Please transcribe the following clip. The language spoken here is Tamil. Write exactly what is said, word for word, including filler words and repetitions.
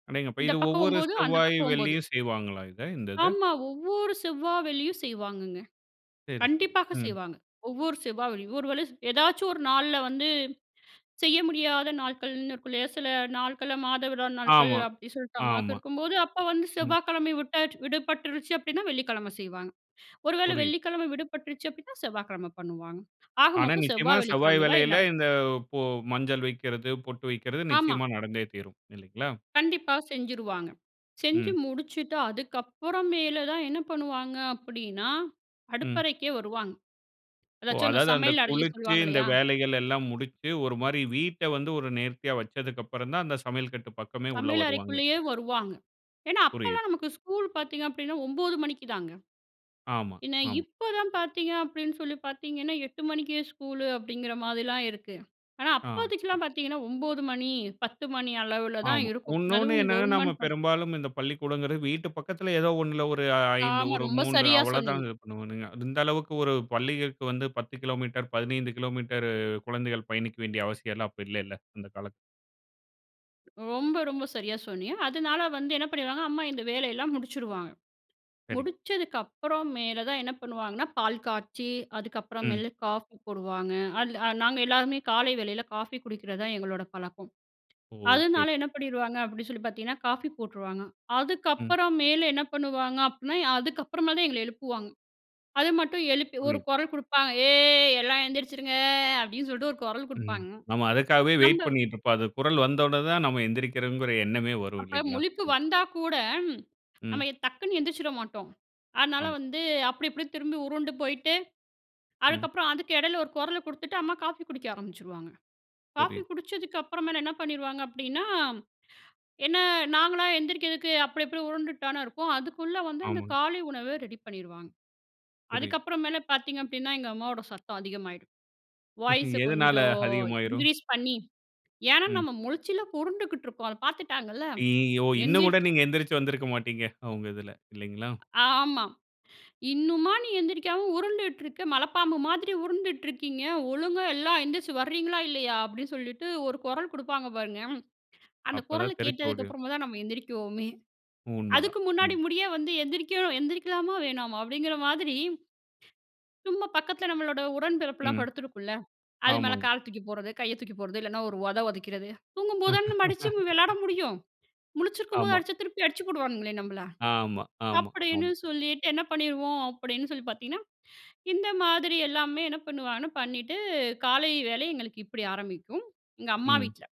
அடேங்கப்பா! இந்த இது பக்கம் ஒவ்வொரு ஒம்போது அந்த செவ்வாய், பக்கம் ஒம்போது. வெள்ளியும் செய்வாங்களா, இத இந்த இத? ஆமா. ஒவ்வொரு செவ்வா வெள்ளியும் செய்வாங்கங்க. சரி, சரி. கண்டிப்பாக ம். செய்வாங்க. ஒவ்வொரு செவ்வா வெள்ளியும் ஒரு வேளை ஏதாச்சும் ஒரு நாள்ல வந்து செய்ய முடியாத நாட்கள்ன்னு இருக்குல்லயா, சில நாட்கள் மாத விடாய் நாட்கள் ஆமா, அப்டின்னு சொல்லிட்டு அம்மாவுக்கு ஆமா. இருக்கும்போது, அப்போ வந்து ம். செவ்வாய்கிழமை விட்டா விடுபட்டுருச்சு. அப்டின்னா வெள்ளிக்கிழமை செய்வாங்க. ஒரு வேளை புரியுது. வெள்ளிக்கிழமை விடுபட்டுருச்சு அப்டின்னா செவ்வாய்க்கிழம பண்ணுவாங்க. ஆக ஆனா, மொத்தம் நிச்சயமா செவ்வாய் செவ்வாய் வெள்ளிக்கிழமையில இது வெள்ளியில நடக்கும். இந்த பொ மஞ்சள் வெக்கிறது பொட்டு வெக்கிறது ஆமா. நிச்சயமா நடந்தே தீரும். இல்லைங்களா? கண்டிப்பா செஞ்சுருவாங்க. செஞ்சு ம். முடிச்சுட்டு அதுக்கப்புறம் மேல தான் என்ன பண்ணுவாங்க, அப்டின்னா, ம். அடுப்பறைக்கே வருவாங்க. ஓ! எதாச்சும் அந்த அதாவது அந்த சமையல் அறைய குளிச்சு சொல்லுவாங்க இந்த இல்லையா? வேலைகள் எல்லாம் முடிச்சு. ஒரு மாரி வீட்டை வந்து ஒரு நேர்த்தியா வச்சதுக்கு அப்புறம் தான் அந்த சமையல் கட்டு பக்கமே உள்ளே சமையல் வருவாங்க. அறைக்குள்ளேயே வருவாங்க. ஏன்னா புரியுது. அப்பலாம் நமக்கு ஸ்கூல் பார்த்தீங்க அப்படின்னா ஒம்போது மணிக்குதாங்க. ஆமா, என்ன ஆமா. இப்போ தான் பார்த்தீங்க அப்படின்னு சொல்லி பார்த்தீங்கன்னா, எட்டு மணிக்கே ஸ்கூல் அப்படிங்கிற மாதிரிலாம் இருக்கு. ஆனா, ஆ. அப்போதைக்குலாம் பார்த்தீங்கன்னா ஒம்போது மணி பத்து மணி அளவுல தான் ஆமா. இருக்கும். இன்னொன்னு அதுவும் என்னன்னா நம்ம கவர்மெண்ட் பாத் பெரும்பாலும் இந்த பள்ளிக்கூடங்கிறது வீட்டு பக்கத்தில ஏதோ ஒண்ணுல ஒரு ஐந்து ஆமா. ஒரு ரொம்ப மூன்று சரியா அவ்ளோதான் சொன்னீங்க. இது பண்ணுவாங்க. இந்த அளவுக்கு ஒரு பள்ளிகளுக்கு வந்து பத்து கிலோமீட்டர், பதினைந்து கிலோமீட்டர் குழந்தைகள் பயணிக்க வேண்டிய அவசியம் எல்லாம் அப்போ இல்லைல்ல அந்த காலத்துல. ரொம்ப, ரொம்ப சரியா சொன்னீங்க. அதனால வந்து என்ன பண்ணிடுவாங்க, அம்மா இந்த வேலையெல்லாம் முடிச்சிருவாங்க. சரிங்க. முடிச்சதுக்கு அப்புறம் மேல தான் என்ன பண்ணுவாங்கன்னா, பால் காய்ச்சி அதுக்கப்புறம் ம். மேல காஃபி போடுவாங்க. அதுல நாங்க எல்லாருமே காலை வேளையில காஃபி குடிக்கிறதுதான் எங்களோட பழக்கம். ஓ! சரி. அதனால என்ன பண்ணிருவாங்க, அப்படின்னு சொல்லி பார்த்தீங்கன்னா காஃபி போட்ருவாங்க. ம். அதுக்கப்புறம் மேல என்ன பண்ணுவாங்க அப்டினா, அதுக்கப்புறமேல் தான் எங்கள எழுப்புவாங்க. அது மட்டும் எழுப்பி ஒரு புரியுது. கொரல் குடுப்பாங்க "ஏய் எல்லாம் எந்திரிச்சிருங்க!" அப்டின்னு சொல்லிட்டு ஒரு கொரல் ம். குடுப்பாங்க நம்ம அதுக்காகவே வெயிட் நம்ம பண்ணிட்டு இருப்போம். அது குரல் வந்தோனதான் நம்ம எந்திரிக்கிறோம்ங்கிற எண்ணமே வரும் அப்ப இல்லைங்களா? முழிப்பு ம். வந்தா கூட ம். நம்ம எ டக்குனு எந்திரிச்சிட மாட்டோம். அதனால ஆமா. வந்து அப்டி இப்டின்னு திரும்பி உருண்டு போயிட்டு ம். அதுக்கப்புறம் அதுக்கு எடையில ஒரு கொரல குடுத்துட்டு அம்மா காஃபி குடிக்க ஆரம்பிச்சுருவாங்க. காஃபி புரியுது. குடிச்சதுக்கு அப்புறமேல என்ன பண்ணிருவாங்க அப்படின்னா, என்ன நாங்களா எந்திரிக்கிறதுக்கு அப்டி இப்டி உருண்டுட்டு தானே இருப்போம். அதுக்குள்ளே வந்து அந்த ஆமாங்க. காலை உணவ ரெடி பண்ணிருவாங்க. புரியுது. அதுக்கப்புறம் மேல பார்த்தீங்க அப்டின்னா, எங்க அம்மாவோட சத்தம் அதிகமாயிரும் வாய்ஸ எதனால கொஞ்சம் அதிகமாயிரும்? இன்கிரீஸ் பண்ணி, ஏன்னா, ம். நம்ம முழிச்சில பொரண்டுகிட்டு இருக்கோம். அதபார்த்துட்டாங்கல்ல. ஐயயோ! இன்னும் கூட எந்திரிச்சு நீங்க எந்திரிச்சு வந்திருக்க மாட்டீங்க. அவங்க இதுல இல்லைங்களா? ஆமா. "இன்னுமா நீ எந்திரிக்காம உருண்டுட்டு இருக்க? மலப்பாம்பு மாதிரி உருண்டுட்டு இருக்கீங்க. ஒழுங்கா எல்லாம் எந்திரிச்சி வர்றீங்களா, இல்லையா?" அப்டின்னு சொல்லிட்டு ஒரு கொரல் குடுப்பாங்க பாருங்க, அந்த அப்போ கொரல் தான் தெரிச்சு கேட்டதுக்கு ஓடிடும். அப்புறமாதான் நம்ம எழுந்திரிக்கவோமே! உண்மதான், அதுக்கு முன்னாடி ம். முடிய வந்து "எந்திரிக்கணும் எந்திரிக்கலாமா, வேணாமா?" அப்டிங்கிற மாதிரி சும்மா பக்கத்ல நம்மளோட உடன் பெறப்புலாம் ம். படுத்திருக்கும்ல. அது மேல ஆமாங்க. கால தூக்கி போட்றது கைய தூக்கி போட்றது. இல்லனா ஒரு ஒத ஒதைக்கிறது. தூங்கும்போது தான் நம்ம அடிச்சு நம்ம வெளையாட முடியும். முழிச்சிருக்கும்போது ஆமா. அடிச்சா திருப்பி அடிச்சி போடுவானுங்களே நம்மள. ஆமா, ஆமா, அப்டின்னு ஆமா. சொல்லிட்டு என்ன பண்ணிருவோம், அப்டின்னு சொல்லி பார்த்தீங்கன்னா, இந்த மாதிரி எல்லாமே என்ன பண்ணுவாங்கன்னா பண்ணிட்டு காலை வேளை எங்களுக்கு இப்டி ஆரம்பிக்கும். எங்க அம்மா ம். வீட்ல.